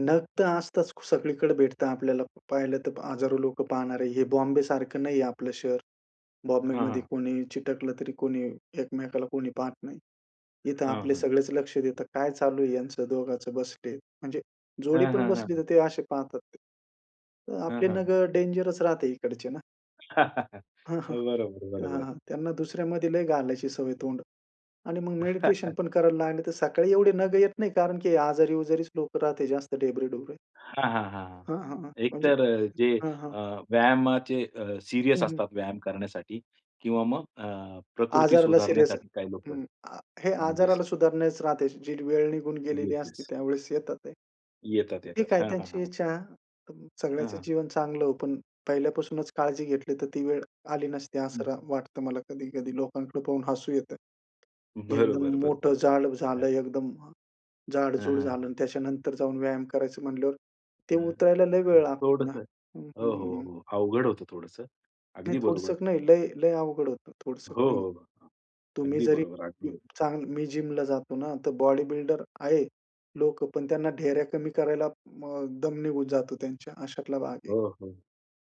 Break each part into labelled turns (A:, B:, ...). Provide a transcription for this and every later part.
A: नग तर असताच. सगळीकडे भेटता आपल्याला पाहिलं तर हजारो लोकं पाहणारे. हे बॉम्बेसारखं नाहीये आपलं शहर.
B: हां,
A: बॉम्बेमध्ये
B: हां.
A: कोणी चिटकलं, तरी कोणी एकमेकाला कोणी पाहत नाही. इथं
B: हां,
A: आपले
B: हां.
A: सगळेच लक्ष देतात, काय चालू आहे याचं दोघांचं बसले, म्हणजे जोडी
B: हां,
A: पण
B: हां,
A: बसली तर
B: हां.
A: ते असे पाहतात ते.
B: हां,
A: आपले
B: हां.
A: नगं डेंजरस राहते इकडचे ना. हां, हां.
B: बरोबर,
A: हां,
B: बरोबर.
A: हां. अ, त्यांना दुसऱ्यामध्ये लय घालायची सवय तोंड. आणि मग मेडिटेशन पण करायला लागले तर सकाळी एवढी नगं येत नाही, कारण की आजारी-उजारीच लोकं राहते जास्त ढेबरे ढुबरे.
B: हां, हां, हां.
A: हां, हां, हां. म्हणजे,
B: एकतर अ, जे
A: हां, हां.
B: अ, व्यायामाचे अ,
A: हं,
B: सीरियस
A: हं.
B: असतात व्यायाम करण्यासाठी किंवा मग अ, प्रकृती
A: आजाराला सीरियस
B: सुधारण्यासाठी काही लोकं
A: हं. अ, हे
B: येस, स
A: आजाराला सुधारण्याच राहते. जी वेळ निघून गेलेली
B: येस,
A: असते
B: येस.
A: त्यावेळेस येतात ते.
B: येतात,
A: ठीक
B: येतात.
A: आहे,
B: हां, हां,
A: त्यांची
B: हां.
A: इच्छा. अ,
B: हं,
A: सगळ्याचं
B: हं.
A: जीवन चांगलं हो, पण पहिल्यापासूनच काळजी घेतली तर ती वेळ आली नसती
B: हं.
A: असं राह वाटतं मला कधी-कधी लोकांकडे पाहून हसू येतं. एकदम
B: बरोबर, बरोबर.
A: मोठं जाड
B: हं.
A: झालं, एकदम
B: हां,
A: जाड-जूड
B: हां.
A: झालं आणि त्याच्यानंतर जाऊन व्यायाम करायचं म्हणल्यावर, ते
B: हं,
A: उतरायला लय
B: हं.
A: वेळ लागतो ना.
B: थोडंसं.
A: हं,
B: हो, हो,
A: हं.
B: हो. अवघड होतं थोडंसं.
A: नाही
B: अगदी
A: थोडस
B: बरोबर.
A: नाही, लय लय अवघड होतं, थोडस
B: हो,
A: नाही होतं.
B: हो.
A: तुम्ही
B: अगदी
A: जरी
B: बरोबर, अगदी बरोबर.
A: चांगलं मी जिमला जातो ना तर बॉडी बिल्डर आहे लोकं, पण त्यांना ढेऱ्या कमी करायला अ, दम निघून जातो त्यांच्या, अशातला भाग आहे.
B: हो, हो.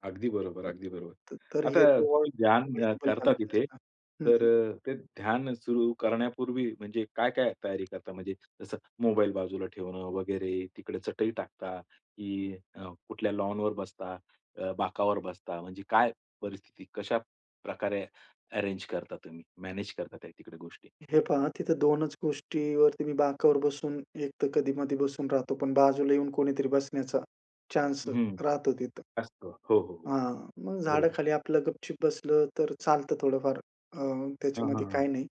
B: अगदी बरोबर,
A: अ,
B: अगदी बरोबर.
A: त तर हे
B: आता
A: [unintelligible]
B: तुम्ही ध्यान अ,
A: वयोवृष्टी पण
B: करता
A: चांगली
B: तिथे.
A: नसणार हं,
B: तर
A: हं.
B: अ, ते ध्यान सुरू करण्यापूर्वी म्हणजे काय-काय तयारी करता म्हणजे जसं मोबाईल बाजूला ठेवणं वगैरे, तिकडे चटई टाकता की अ, कुठल्या लॉनवर बसता, अ, बाकावर बसता म्हणजे काय परिस्थिती? कशा प्रकारे अरेंज करता तुम्ही मॅनेज करता तिकडे गोष्टी?
A: हे पहा तिथं दोनच गोष्टीवरती मी बाकावर बसून एक तर कधी-मधी बसून राहतो, पण बाजूला येऊन कोणीतरी बसण्याचा चान्स
B: हं,
A: राहतो तिथं.
B: असतं. हो, हो, हो.
A: हां, मग झाड
B: बरोबर.
A: खाली आपलं गप-चुप बसलं तर चालतं थोडंफार अ,
B: हां, हां,
A: त्याच्यामध्ये
B: हां.
A: काही नाही.